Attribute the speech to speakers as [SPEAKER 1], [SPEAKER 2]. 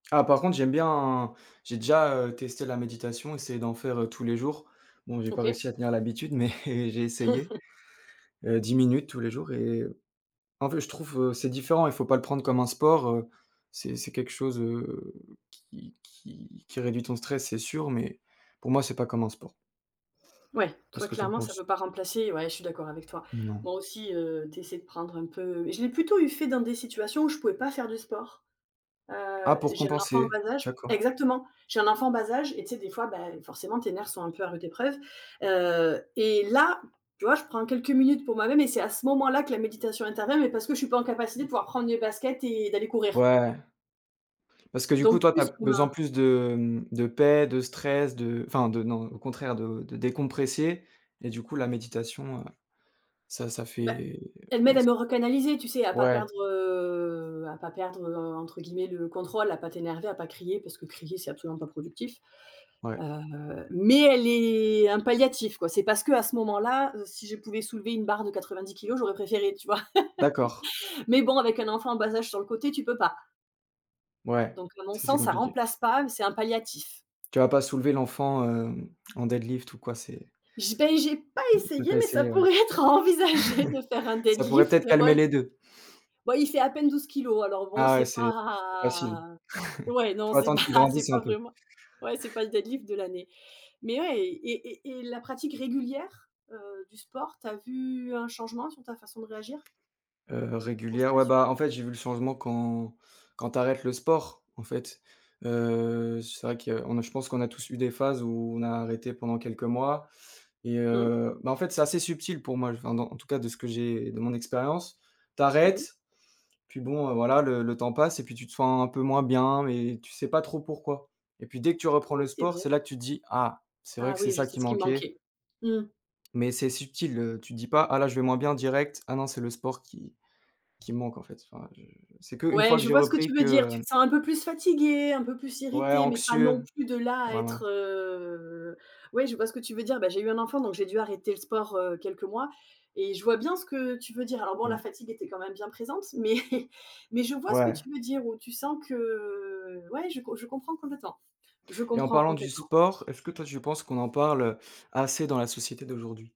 [SPEAKER 1] Ah, par contre, j'aime bien, j'ai déjà, heu, testé la méditation, essayer d'en faire, heu, tous les jours. Bon, j'ai pas
[SPEAKER 2] OK.
[SPEAKER 1] réussi à tenir l'habitude mais j'ai essayé, heu, 10 minutes tous les jours et en fait, je trouve, heu, c'est différent, il faut pas le prendre comme un sport, heu, c'est c'est quelque chose, heu, qui qui qui réduit ton stress, c'est sûr, mais pour moi c'est pas comme un sport.
[SPEAKER 2] Ouais.
[SPEAKER 1] Qu'est
[SPEAKER 2] Toi,
[SPEAKER 1] ce que tu en
[SPEAKER 2] clairement, ça
[SPEAKER 1] penses?
[SPEAKER 2] peut pas remplacer ouais, je suis d'accord avec toi,
[SPEAKER 1] Non.
[SPEAKER 2] moi aussi, heu, tu essaies de prendre un peu je l'ai plutôt eu fait dans des situations où je pouvais pas faire du sport, heu,
[SPEAKER 1] Ah, pour
[SPEAKER 2] j'ai un enfant en
[SPEAKER 1] compenser?
[SPEAKER 2] bas âge
[SPEAKER 1] D'accord.
[SPEAKER 2] exactement, j'ai un enfant en bas âge et tu sais, des fois, bah, forcément, tes nerfs sont un peu à rude épreuves, heu et là, tu vois, je prends quelques minutes pour moi-même et c'est à ce moment-là que la méditation intervient mais parce que je suis pas en capacité de pouvoir prendre mes baskets et d'aller courir
[SPEAKER 1] Ouais. Parce que du coup,
[SPEAKER 2] donc
[SPEAKER 1] toi, tu as
[SPEAKER 2] plus pour
[SPEAKER 1] besoin
[SPEAKER 2] la
[SPEAKER 1] plus de, hem, de paix, de stress, de enfin de non, au contraire, de décompresser et du coup, la méditation, heu, ça ça
[SPEAKER 2] Bah,
[SPEAKER 1] fait
[SPEAKER 2] elle m'aide
[SPEAKER 1] ouais,
[SPEAKER 2] à
[SPEAKER 1] c
[SPEAKER 2] me recanaliser, tu sais, à pas
[SPEAKER 1] Ouais.
[SPEAKER 2] perdre, heu, à pas perdre, heu, entre guillemets «le contrôle», à pas t'énerver, à pas crier, parce que crier, c'est absolument pas productif,
[SPEAKER 1] Ouais.
[SPEAKER 2] heu, mais elle est un palliatif, quoi. C'est parce qu'à ce moment-là, heu, si je pouvais soulever une barre de 90 kilogrammes, j'aurais préféré, tu vois,
[SPEAKER 1] D'accord.
[SPEAKER 2] mais bon, avec un enfant en bas âge sur le côté, tu peux pas
[SPEAKER 1] Ouais,
[SPEAKER 2] donc, à mon
[SPEAKER 1] ça c'est
[SPEAKER 2] sens, ça
[SPEAKER 1] compliqué.
[SPEAKER 2] remplace pas mais c'est un palliatif.
[SPEAKER 1] Tu vas pas soulever l'enfant, heu, en deadlift ou quoi, c'est
[SPEAKER 2] J ben, j'ai pas
[SPEAKER 1] On peut
[SPEAKER 2] essayé
[SPEAKER 1] pas
[SPEAKER 2] mais ça
[SPEAKER 1] essayer, ouais.
[SPEAKER 2] pourrait être envisagé de faire un
[SPEAKER 1] Ça pourrait
[SPEAKER 2] deadlift
[SPEAKER 1] peut-être calmer
[SPEAKER 2] ouais,
[SPEAKER 1] les 2.
[SPEAKER 2] bah, il fait à peine 12 kilogrammes alors, bon,
[SPEAKER 1] Ah ouais,
[SPEAKER 2] c'est
[SPEAKER 1] c'est facile,
[SPEAKER 2] pas ouais,
[SPEAKER 1] il
[SPEAKER 2] non,
[SPEAKER 1] faut
[SPEAKER 2] c'est
[SPEAKER 1] attendre
[SPEAKER 2] pas
[SPEAKER 1] qu'il
[SPEAKER 2] c'est
[SPEAKER 1] grandisse un
[SPEAKER 2] pas
[SPEAKER 1] peu.
[SPEAKER 2] vraiment ouais, c'est pas le deadlift de l'année mais ouais et et et la pratique régulière, heu, du sport, tu as vu un changement sur ta façon de réagir
[SPEAKER 1] Heu,
[SPEAKER 2] au
[SPEAKER 1] régulière,
[SPEAKER 2] stress
[SPEAKER 1] ouais, bah,
[SPEAKER 2] surtout?
[SPEAKER 1] en fait, j'ai vu le changement quand quand tu arrêtes le sport, en fait, heu, c'est vrai qu'on je pense qu'on a tous eu des phases où, on a arrêté pendant quelques mois et
[SPEAKER 2] Mmh.
[SPEAKER 1] heu, bah, en fait, c'est assez subtil pour moi, enfin en tout cas, de ce que j'ai de mon expérience. Tu
[SPEAKER 2] Mmh.
[SPEAKER 1] arrêtes, puis bon, heu, voilà, le le temps passe et puis tu te sens un peu moins bien et tu sais pas trop pourquoi et puis dès que tu
[SPEAKER 2] Oui,
[SPEAKER 1] reprends le
[SPEAKER 2] c'est
[SPEAKER 1] sport, c'est
[SPEAKER 2] vrai.
[SPEAKER 1] là que tu te dis: «Ah! C'est vrai
[SPEAKER 2] Ah
[SPEAKER 1] que c'est
[SPEAKER 2] oui, je
[SPEAKER 1] ça
[SPEAKER 2] c'est
[SPEAKER 1] qui
[SPEAKER 2] ce qui
[SPEAKER 1] manquait!»
[SPEAKER 2] manquait. Mmh.
[SPEAKER 1] mais c'est subtil, heu, tu te dis pas: «Ah, là, je vais moins bien direct». Ah non, c'est le sport qui qui me manque, en fait, enfin, je c'est qu'une
[SPEAKER 2] Ouais,
[SPEAKER 1] fois que
[SPEAKER 2] je
[SPEAKER 1] j'ai
[SPEAKER 2] vois ce que
[SPEAKER 1] repris
[SPEAKER 2] tu
[SPEAKER 1] que,
[SPEAKER 2] veux dire. Tu
[SPEAKER 1] heu
[SPEAKER 2] te sens un peu plus fatigué, un peu plus
[SPEAKER 1] Ouais,
[SPEAKER 2] irrité mais pas non
[SPEAKER 1] anxieux,
[SPEAKER 2] plus de là à être,
[SPEAKER 1] voilà.
[SPEAKER 2] heu, ouais, je vois ce que tu veux dire. Bah, j'ai eu un enfant, donc j'ai dû arrêter le sport, heu, quelques mois et je vois bien ce que tu veux dire alors bon, la
[SPEAKER 1] Mmh.
[SPEAKER 2] fatigue était quand même bien présente mais mais je vois ce que
[SPEAKER 1] Ouais.
[SPEAKER 2] tu veux dire ou tu sens que, heu, ouais, je com je comprends complètement je
[SPEAKER 1] Et en
[SPEAKER 2] comprends
[SPEAKER 1] parlant du
[SPEAKER 2] complètement.
[SPEAKER 1] sport, est-ce que toi tu penses qu'on en parle, heu, assez dans la société d'aujourd'hui?